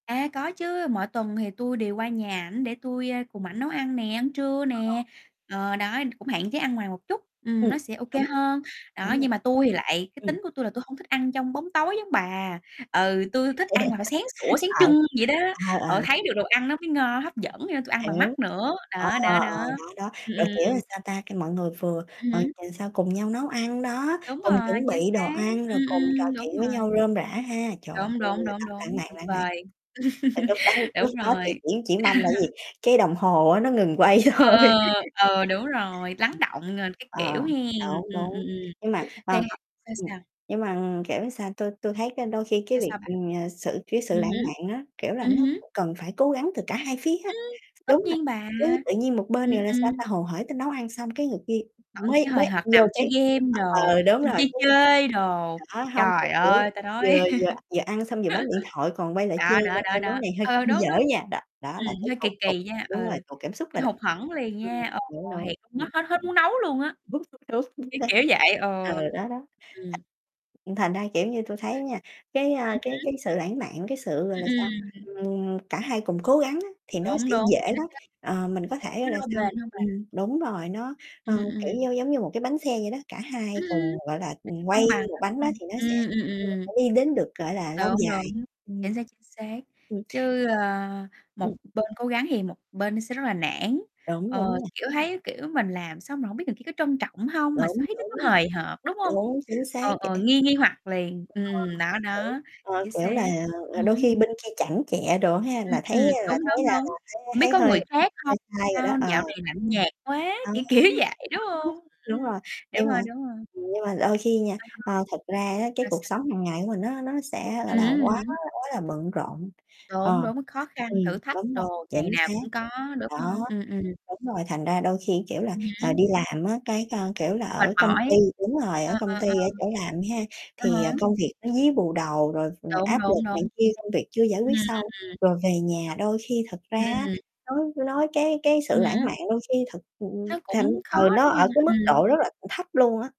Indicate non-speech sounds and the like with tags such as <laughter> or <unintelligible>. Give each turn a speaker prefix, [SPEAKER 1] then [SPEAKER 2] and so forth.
[SPEAKER 1] À, có chứ, mỗi tuần thì tui đều qua nhà ảnh để tui, a, cùng ảnh nấu ăn nè, ăn trưa
[SPEAKER 2] Ờ.
[SPEAKER 1] nè, ờ, đó, cũng hạn chế ăn ngoài một chút, ừm,
[SPEAKER 2] Ừm,
[SPEAKER 1] nó sẽ ô kê
[SPEAKER 2] đúng,
[SPEAKER 1] hơn. Đó,
[SPEAKER 2] đúng rồi,
[SPEAKER 1] nhưng mà tui thì lại cái
[SPEAKER 2] ừm.
[SPEAKER 1] tính của tui là tui hông thích ăn trong bóng tối giống bà, ừ, tui thích ăn là phải sáng sủa
[SPEAKER 2] <laughs>
[SPEAKER 1] sáng
[SPEAKER 2] Ờ,
[SPEAKER 1] trưng vậy đó,
[SPEAKER 2] ờ, ờ.
[SPEAKER 1] ờ, thấy được đồ ăn nó mới ngon, hấp dẫn vậy nên tôi ăn bằng
[SPEAKER 2] Hiểu,
[SPEAKER 1] mắt nữa,
[SPEAKER 2] ờ,
[SPEAKER 1] đó,
[SPEAKER 2] ờ,
[SPEAKER 1] đó, đó,
[SPEAKER 2] đó, đó,
[SPEAKER 1] ừm,
[SPEAKER 2] rồi, kiểu, làm
[SPEAKER 1] ừm.
[SPEAKER 2] sao ta, khi mọi người vừa,
[SPEAKER 1] Ừm
[SPEAKER 2] rồi
[SPEAKER 1] hứm.
[SPEAKER 2] <unintelligible> sao, cùng nhau nấu ăn, đó,
[SPEAKER 1] Đúng
[SPEAKER 2] cùng
[SPEAKER 1] rồi,
[SPEAKER 2] chuẩn
[SPEAKER 1] chính
[SPEAKER 2] bị đồ
[SPEAKER 1] xác,
[SPEAKER 2] ăn rồi
[SPEAKER 1] ừm,
[SPEAKER 2] cùng trò
[SPEAKER 1] ừm, đúng
[SPEAKER 2] chuyện với nhau
[SPEAKER 1] rồi.
[SPEAKER 2] rôm rả ha. Trời ơi,
[SPEAKER 1] Đúng, đúng, đúng,
[SPEAKER 2] <unintelligible> lãng
[SPEAKER 1] đúng,
[SPEAKER 2] mạn,
[SPEAKER 1] tuyệt
[SPEAKER 2] lãng mạn.
[SPEAKER 1] vời.
[SPEAKER 2] Thì lúc đó
[SPEAKER 1] <laughs>
[SPEAKER 2] lúc
[SPEAKER 1] Đúng
[SPEAKER 2] đó thì
[SPEAKER 1] rồi.
[SPEAKER 2] chỉ chỉ mong là cái
[SPEAKER 1] <laughs>
[SPEAKER 2] gì, cái đồng hồ á nó ngừng quay
[SPEAKER 1] Ờ,
[SPEAKER 2] thôi.
[SPEAKER 1] ờ, ờ, đúng rồi, lắng
[SPEAKER 2] <laughs>
[SPEAKER 1] đọng rồi các
[SPEAKER 2] Ờ,
[SPEAKER 1] kiểu hen,
[SPEAKER 2] đúng,
[SPEAKER 1] ừm, ừm,
[SPEAKER 2] đúng.
[SPEAKER 1] ừm
[SPEAKER 2] Nhưng mà,
[SPEAKER 1] thì
[SPEAKER 2] ờ, có
[SPEAKER 1] sao,
[SPEAKER 2] ừm,
[SPEAKER 1] sao?
[SPEAKER 2] nhưng mà, kiểu, sao tôi tôi thấy cái đôi khi cái
[SPEAKER 1] Sao,
[SPEAKER 2] việc,
[SPEAKER 1] sao bà?
[SPEAKER 2] ừm, sự cái sự
[SPEAKER 1] Ừm
[SPEAKER 2] lãng
[SPEAKER 1] hứm,
[SPEAKER 2] mạn á, kiểu là,
[SPEAKER 1] ừm
[SPEAKER 2] nó
[SPEAKER 1] hứ.
[SPEAKER 2] cần phải cố gắng từ cả hai phía á,
[SPEAKER 1] Ưm! tất
[SPEAKER 2] đúng rồi,
[SPEAKER 1] nhiên bà,
[SPEAKER 2] chứ tự nhiên một bên
[SPEAKER 1] ừm,
[SPEAKER 2] này là, sao
[SPEAKER 1] ừm.
[SPEAKER 2] ta, hồ hởi tới nấu ăn xong cái người kia
[SPEAKER 1] Ổng chỉ
[SPEAKER 2] mới
[SPEAKER 1] hời
[SPEAKER 2] mới ăn
[SPEAKER 1] hợt nằm
[SPEAKER 2] vô
[SPEAKER 1] chơi
[SPEAKER 2] cái
[SPEAKER 1] game đồ,
[SPEAKER 2] ờ, đúng
[SPEAKER 1] xong
[SPEAKER 2] rồi
[SPEAKER 1] chơi
[SPEAKER 2] chứ
[SPEAKER 1] chơi đồ,
[SPEAKER 2] đó, hông thì
[SPEAKER 1] trời
[SPEAKER 2] kiểu là
[SPEAKER 1] ơi, ta nói
[SPEAKER 2] vừa vừa vừa ăn xong vừa bấm điện thoại còn
[SPEAKER 1] <laughs>
[SPEAKER 2] quay lại chê
[SPEAKER 1] đó,
[SPEAKER 2] nữa,
[SPEAKER 1] đó, đó,
[SPEAKER 2] chê
[SPEAKER 1] đó
[SPEAKER 2] "món này hơi
[SPEAKER 1] ờ,
[SPEAKER 2] hơi
[SPEAKER 1] đúng,
[SPEAKER 2] dở
[SPEAKER 1] đúng.
[SPEAKER 2] nha". Đó đó, là
[SPEAKER 1] Ừm,
[SPEAKER 2] cứ
[SPEAKER 1] hơi kì
[SPEAKER 2] tuột tuột
[SPEAKER 1] kì nha, ừ,
[SPEAKER 2] đúng rồi, tuột cảm xúc rồi
[SPEAKER 1] hơi
[SPEAKER 2] đó,
[SPEAKER 1] hụt hẫng liền
[SPEAKER 2] ừm,
[SPEAKER 1] nha, ờ,
[SPEAKER 2] đúng, đúng,
[SPEAKER 1] hiểu, nó
[SPEAKER 2] ừm.
[SPEAKER 1] hết hết muốn nấu luôn á,
[SPEAKER 2] <unintelligible> Đúng, chính
[SPEAKER 1] cái
[SPEAKER 2] xác,
[SPEAKER 1] kiểu vậy,
[SPEAKER 2] ừ,
[SPEAKER 1] ờ,
[SPEAKER 2] đó, đó,
[SPEAKER 1] ừm.
[SPEAKER 2] thành thành ra, kiểu như, tôi thấy nha, cái, a,
[SPEAKER 1] Ừm
[SPEAKER 2] cái cái
[SPEAKER 1] hứm.
[SPEAKER 2] sự lãng mạn, cái sự, gọi là, sao,
[SPEAKER 1] Ừm, ừm.
[SPEAKER 2] ừm, cả hai cùng cố gắng á thì nó
[SPEAKER 1] Đúng,
[SPEAKER 2] sẽ
[SPEAKER 1] đúng,
[SPEAKER 2] dễ
[SPEAKER 1] thì nó
[SPEAKER 2] lắm,
[SPEAKER 1] sẽ
[SPEAKER 2] ờ, mình có
[SPEAKER 1] đúng,
[SPEAKER 2] thể á là
[SPEAKER 1] lâu
[SPEAKER 2] xong
[SPEAKER 1] bền hơn bà.
[SPEAKER 2] ừm, đúng rồi, nó, ờ,
[SPEAKER 1] Ừm, ừm.
[SPEAKER 2] kiểu như, giống như một cái bánh xe vậy đó, cả hai
[SPEAKER 1] Ừm, ừm,
[SPEAKER 2] cùng, gọi là,
[SPEAKER 1] nó sẽ
[SPEAKER 2] ừm, quay
[SPEAKER 1] cân bằng
[SPEAKER 2] một
[SPEAKER 1] đúng
[SPEAKER 2] bánh đó
[SPEAKER 1] không?
[SPEAKER 2] thì nó sẽ
[SPEAKER 1] Ừm, ừm,
[SPEAKER 2] <unintelligible>
[SPEAKER 1] ừm.
[SPEAKER 2] đi đến được, gọi là, lâu
[SPEAKER 1] Đúng,
[SPEAKER 2] dài,
[SPEAKER 1] đúng,
[SPEAKER 2] ừm,
[SPEAKER 1] chính xác, chính xác,
[SPEAKER 2] ừ.
[SPEAKER 1] chứ, ơ, một
[SPEAKER 2] Ừm.
[SPEAKER 1] bên cố gắng thì một bên nó sẽ rất là nản,
[SPEAKER 2] Đúng, đúng
[SPEAKER 1] ờ,
[SPEAKER 2] nha.
[SPEAKER 1] kiểu, thấy, kiểu, mình làm xong rồi hổng biết thằng kia có trân trọng hông, mà sao
[SPEAKER 2] Đúng,
[SPEAKER 1] thấy nó cứ
[SPEAKER 2] đúng,
[SPEAKER 1] hời hợt, đúng hông?
[SPEAKER 2] đúng, chính xác
[SPEAKER 1] Ờ, ờ,
[SPEAKER 2] <unintelligible>
[SPEAKER 1] nghi nghi hoặc liền,
[SPEAKER 2] Ờ,
[SPEAKER 1] ừm, đó,
[SPEAKER 2] kiểu,
[SPEAKER 1] đó,
[SPEAKER 2] ờ,
[SPEAKER 1] chính
[SPEAKER 2] kiểu là,
[SPEAKER 1] xác,
[SPEAKER 2] ờ,
[SPEAKER 1] ừm
[SPEAKER 2] đôi
[SPEAKER 1] hứm.
[SPEAKER 2] khi bên kia chảnh chọe đồ ha
[SPEAKER 1] Ừm,
[SPEAKER 2] là thấy
[SPEAKER 1] ừm, đúng,
[SPEAKER 2] là thấy
[SPEAKER 1] đúng,
[SPEAKER 2] là
[SPEAKER 1] đúng,
[SPEAKER 2] là thấy
[SPEAKER 1] hổng biết
[SPEAKER 2] thấy
[SPEAKER 1] có
[SPEAKER 2] hơi
[SPEAKER 1] người
[SPEAKER 2] hơi
[SPEAKER 1] khác
[SPEAKER 2] hơi
[SPEAKER 1] hông,
[SPEAKER 2] sai rồi đó,
[SPEAKER 1] sao
[SPEAKER 2] ờ,
[SPEAKER 1] dạo này lạnh nhạt quá, kiểu
[SPEAKER 2] ừ
[SPEAKER 1] kiểu vậy, đúng hông?
[SPEAKER 2] <unintelligible>
[SPEAKER 1] Ưm,
[SPEAKER 2] đúng rồi,
[SPEAKER 1] đúng
[SPEAKER 2] nhưng mà,
[SPEAKER 1] rồi, đúng rồi.
[SPEAKER 2] ừm, nhưng mà đôi khi nha,
[SPEAKER 1] À
[SPEAKER 2] ơ, thực ra á cái
[SPEAKER 1] há, sao,
[SPEAKER 2] cuộc sống
[SPEAKER 1] sao?
[SPEAKER 2] hàng ngày của mình á nó sẽ,
[SPEAKER 1] Ừm
[SPEAKER 2] gọi là,
[SPEAKER 1] hứm, ừm
[SPEAKER 2] quá
[SPEAKER 1] hứm.
[SPEAKER 2] quá là bận rộn,
[SPEAKER 1] Đúng,
[SPEAKER 2] ờ,
[SPEAKER 1] đúng, khó
[SPEAKER 2] ừm,
[SPEAKER 1] khăn, thử thách
[SPEAKER 2] đúng rồi,
[SPEAKER 1] đồ ngày
[SPEAKER 2] chính
[SPEAKER 1] nào
[SPEAKER 2] xác,
[SPEAKER 1] cũng có, đúng
[SPEAKER 2] đó,
[SPEAKER 1] hông? Ừm, ừm.
[SPEAKER 2] đúng rồi, thành ra đôi khi, kiểu là,
[SPEAKER 1] Ừm
[SPEAKER 2] ờ,
[SPEAKER 1] hứm.
[SPEAKER 2] đi làm á cái, a, kiểu là,
[SPEAKER 1] Mệt
[SPEAKER 2] ở công ty
[SPEAKER 1] mỏi,
[SPEAKER 2] đúng rồi, ở
[SPEAKER 1] ờ,
[SPEAKER 2] công
[SPEAKER 1] ờ,
[SPEAKER 2] ty, ở chỗ làm ha
[SPEAKER 1] ờ. À
[SPEAKER 2] thì, ờ,
[SPEAKER 1] há.
[SPEAKER 2] công việc nó dí bù đầu rồi
[SPEAKER 1] Đúng,
[SPEAKER 2] áp lực
[SPEAKER 1] đúng,
[SPEAKER 2] này
[SPEAKER 1] đúng, chính
[SPEAKER 2] kia,
[SPEAKER 1] xác
[SPEAKER 2] công việc chưa giải
[SPEAKER 1] ừm,
[SPEAKER 2] quyết xong
[SPEAKER 1] ừm, ừm.
[SPEAKER 2] rồi về nhà đôi khi thật ra
[SPEAKER 1] Ừm,
[SPEAKER 2] á
[SPEAKER 1] ừm.
[SPEAKER 2] nói nói cái cái sự
[SPEAKER 1] Ừm
[SPEAKER 2] lãng
[SPEAKER 1] hứm.
[SPEAKER 2] mạn đôi khi thật, ừm,
[SPEAKER 1] Nó
[SPEAKER 2] thành
[SPEAKER 1] cũng khó,
[SPEAKER 2] ừ, nó
[SPEAKER 1] đúng
[SPEAKER 2] ở
[SPEAKER 1] hông?
[SPEAKER 2] cái mức
[SPEAKER 1] Ừm.
[SPEAKER 2] độ rất là thấp luôn á.